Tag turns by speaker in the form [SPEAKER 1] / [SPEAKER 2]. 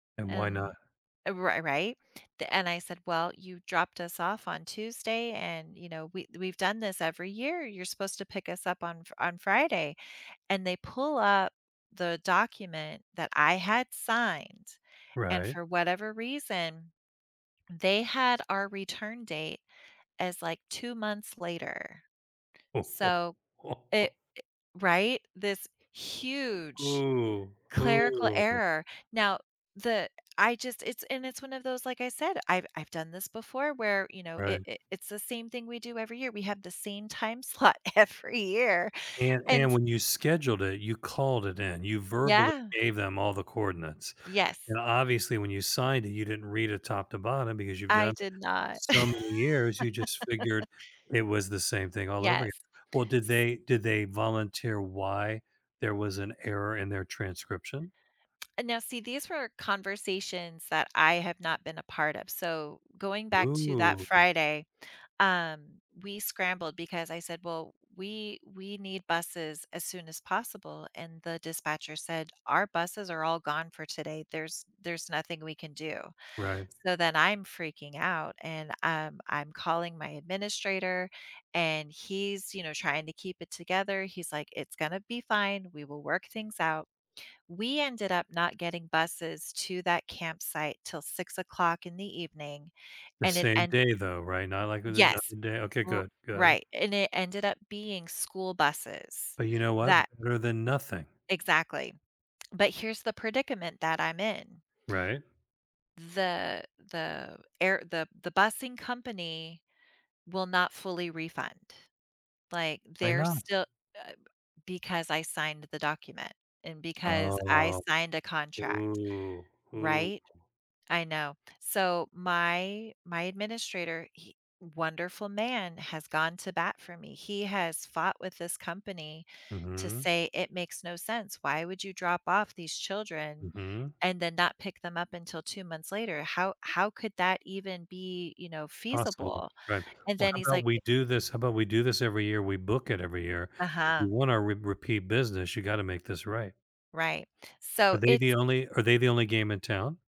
[SPEAKER 1] And why not?
[SPEAKER 2] And, uh, ri right? Th and I said, "Well, you dropped us off on Tuesday, and, you know, we we've done this every year. You're supposed to pick us up on f on Friday." And they pull up the document that I had signed, and
[SPEAKER 1] Right.
[SPEAKER 2] for whatever reason, they had our return date as, like, 2 months later. So it i Right? This huge
[SPEAKER 1] Ooh.
[SPEAKER 2] clerical
[SPEAKER 1] Ooh.
[SPEAKER 2] error. Now, the I just it's and it's one of those, like I said, I've I've done this before where, you know,
[SPEAKER 1] Right.
[SPEAKER 2] it it it's the same thing we do every year. We have the same time slot every year
[SPEAKER 1] And
[SPEAKER 2] and
[SPEAKER 1] and
[SPEAKER 2] s
[SPEAKER 1] when you scheduled it, you called it in. You verbally
[SPEAKER 2] Yeah.
[SPEAKER 1] gave them all the coordinates.
[SPEAKER 2] Yes.
[SPEAKER 1] And obviously when you signed it, you didn't read it top to bottom because you've done
[SPEAKER 2] I did
[SPEAKER 1] it
[SPEAKER 2] not.
[SPEAKER 1] so many years you just figured it was the same thing all over again.
[SPEAKER 2] Yes.
[SPEAKER 1] Well, did
[SPEAKER 2] S
[SPEAKER 1] they did they volunteer why there was an error in their transcription?
[SPEAKER 2] And now see these were conversations that I have not been a part of. So, going back to that
[SPEAKER 1] Ooh.
[SPEAKER 2] Friday, um we scrambled because I said, "Well, we we need buses as soon as possible," and the dispatcher said, "Our buses are all gone for today. There's there's nothing we can do."
[SPEAKER 1] Right.
[SPEAKER 2] So, then I'm freaking out, and, um, I'm calling my administrator, and he's, you know, trying to keep it together. He's like, "It's gonna be fine. We will work things out." We ended up not getting buses to that campsite till 6:00 in the evening,
[SPEAKER 1] The
[SPEAKER 2] and it
[SPEAKER 1] same
[SPEAKER 2] and
[SPEAKER 1] day, though, right, not like with another
[SPEAKER 2] Yes.
[SPEAKER 1] day. Okay.
[SPEAKER 2] R
[SPEAKER 1] Good. Good.
[SPEAKER 2] right. And it ended up being school buses
[SPEAKER 1] But you know what?
[SPEAKER 2] that
[SPEAKER 1] Better than nothing.
[SPEAKER 2] Exactly. But here's the predicament that I'm in.
[SPEAKER 1] Right?
[SPEAKER 2] The the air the the busing company will not fully refund. Like,
[SPEAKER 1] Why
[SPEAKER 2] they're
[SPEAKER 1] not?
[SPEAKER 2] still, uh b because I signed the document and because I
[SPEAKER 1] Oh.
[SPEAKER 2] signed a contract,
[SPEAKER 1] Ooh. Ooh.
[SPEAKER 2] right? I know. So my my administrator, he wonderful man, has gone to bat for me. He has fought with this company to
[SPEAKER 1] Mhm.
[SPEAKER 2] say "It makes no sense. Why would you drop off these children
[SPEAKER 1] Mhm.
[SPEAKER 2] and then not pick them up until 2 months later? How how could that even be, you know,
[SPEAKER 1] Possible,
[SPEAKER 2] feasible?"
[SPEAKER 1] right.
[SPEAKER 2] And
[SPEAKER 1] Well
[SPEAKER 2] then
[SPEAKER 1] how
[SPEAKER 2] he's
[SPEAKER 1] 'bout
[SPEAKER 2] like
[SPEAKER 1] we
[SPEAKER 2] eh
[SPEAKER 1] do this how 'bout we do this every year, we book it every year. If
[SPEAKER 2] Uh-huh.
[SPEAKER 1] you wanna re repeat business you gotta make this right.
[SPEAKER 2] Right.
[SPEAKER 1] Are
[SPEAKER 2] So
[SPEAKER 1] they
[SPEAKER 2] it's
[SPEAKER 1] the only are they the only game in town?